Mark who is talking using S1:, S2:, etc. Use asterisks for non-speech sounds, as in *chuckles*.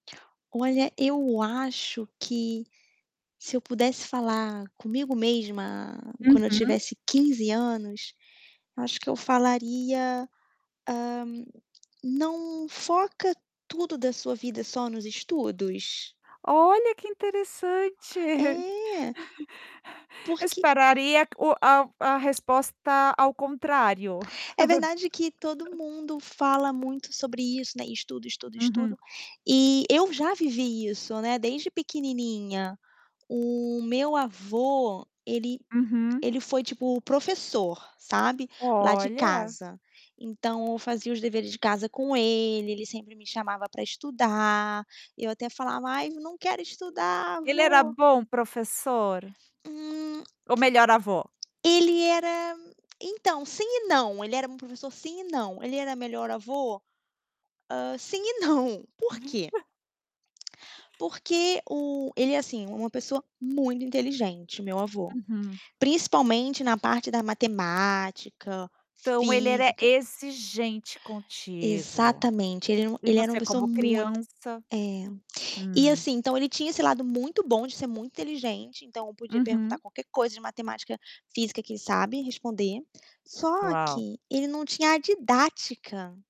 S1: Olha, eu acho que, se eu pudesse falar comigo mesma quando eu
S2: Uhum.
S1: tivesse 15 anos, acho que eu falaria, hã: "Não foca tudo da sua vida só nos estudos".
S2: Olha, que interessante. *laughs*
S1: É.
S2: Eu
S1: Porque, hum
S2: esperaria o a a resposta ao contrário.
S1: É verdade que todo
S2: *laughs*
S1: mundo fala muito sobre isso, né. Estudo, estudo,
S2: Uhum.
S1: estudo, e eu já vivi isso, né, desde pequenininha. O meu avô, ele
S2: Uhum.
S1: ele foi, tipo, professor, sabe, lá de
S2: Olha.
S1: casa. Então, eu fazia os deveres de casa com ele, ele sempre me chamava para estudar. Eu até falava: "Ai, não quero estudar
S2: Ele era
S1: vô".
S2: bom professor?
S1: Hum.
S2: Ou melhor avô?
S1: Ele era então, sim e não, ele era meu professor, sim e não. Ele era o melhor avô? Hã, sim e não, porquê?
S2: *chuckles*
S1: Porque o ele é assim, uma pessoa muito inteligente, meu avô.
S2: Uhum.
S1: Principalmente na parte da matemática,
S2: Então, ele era
S1: física.
S2: exigente contigo.
S1: Exatamente. Ele era uma
S2: E
S1: ele era uma
S2: você
S1: pessoa
S2: como
S1: muito
S2: criança
S1: é, e
S2: hum.
S1: assim, então, ele tinha esse lado muito bom de ser muito inteligente, então, podia perguntar
S2: Uhum.
S1: qualquer coisa de matemática, física, que ele sabe responder, só
S2: Uau.
S1: que ele não tinha a didática.